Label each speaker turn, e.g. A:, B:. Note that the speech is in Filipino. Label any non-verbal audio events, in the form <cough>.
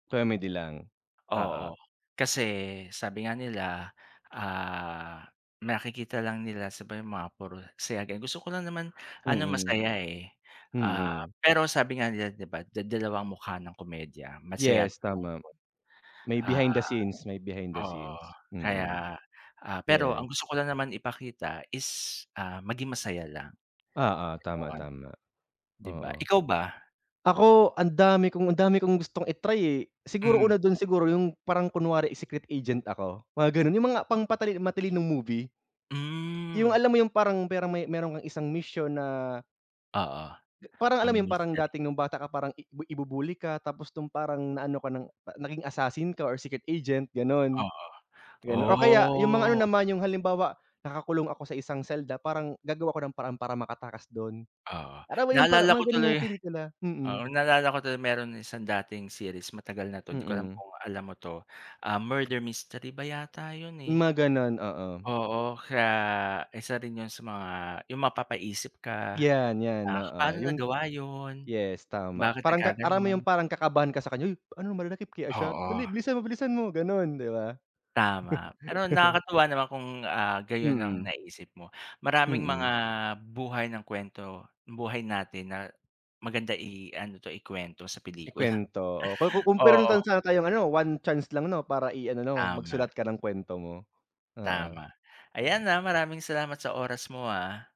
A: Comedy lang,
B: Oo.
A: oo.
B: Kasi sabi nga nila, ah, nakikita lang nila sa ba yung mga puro saya din, gusto ko lang naman ano,
A: Mm.
B: masaya, eh. Ah,
A: Mm.
B: pero sabi nga nila 'di ba, da dalawa ang mukha ng komedya, masaya't
A: Yes, tama.
B: malungkot.
A: May behind
B: Ah,
A: the scenes, may behind the
B: oo.
A: scenes, mm.
B: Kaya, ah, pero
A: Yeah.
B: ang gusto ko lang naman ipakita is, ah, maging masaya lang,
A: Oo, tama,
B: 'yon.
A: tama,
B: 'Di ba,
A: oo.
B: ikaw ba?
A: Ako ang dami kong ang dami kong gustong i-try, eh. Siguro,
B: Hmm.
A: una dun siguro, yung parang kunwari, eh, secret agent ako, mga ganun? Yung mga pang patali matalinong movie? Yung
B: Hmm.
A: alam mo yung parang, pero may meron kang isang misyon na
B: Oo,
A: parang alam
B: mga
A: ’yon? Parang
B: mystery.
A: dati, nung bata ka, parang ibi ibubully ka tapos nung parang naano ka ng pa naging assassin ka or secret agent, gano'n.
B: Oo,
A: Gano o kaya yung mga ano
B: oh.
A: naman, yung halimbawa, nakakulong ako sa isang selda parang gagawa ako ng paraan para makatakas dun.
B: Oo,
A: Alam mo yung parang
B: naalala ko
A: mga gano'n yung
B: tuloy
A: pelikula,
B: oo.
A: mm.
B: Naalala ko tuloy meron isang dating series, matagal na ’to, di ko alam
A: Mm.
B: kung alam mo ’to. Ah, murder mystery ba yata ’yun, eh.
A: Mga gano'n, oo.
B: Oo, kaya isa din ’yon sa mga ’yung mapapaisip ka,
A: 'Yan, 'yan
B: "Ah,
A: oo.
B: paano
A: Yung
B: nagawa ’yon?
A: yes, tama.
B: Bakit
A: Parang ka alam mo yung
B: nagkagano'n?"
A: parang kakabahan ka sa kanya. "Uy, ano, madadakip kaya siya? Dali,
B: Oo.
A: bilisan mo, bilisan mo." Gano'n, 'di ba?
B: Tama, pero
A: <laughs>
B: nakakatuwa naman kung, ah, gayon ang
A: Mm.
B: naiisip mo. Maraming mga
A: Mm.
B: buhay ng kuwento buhay natin na maganda i-ano 'to, ikuwento sa pelikula.
A: Ikwento. Oh, ku ko
B: <chuckles>
A: kung, pero
B: Oo.
A: chance sa tayong ano, 1 chance lang 'no, para i-ano, 'no,
B: Tama.
A: magsulat ka ng kwento mo, oo.
B: Tama ayan,
A: Ah.
B: ah. Maraming salamat sa oras mo, ah.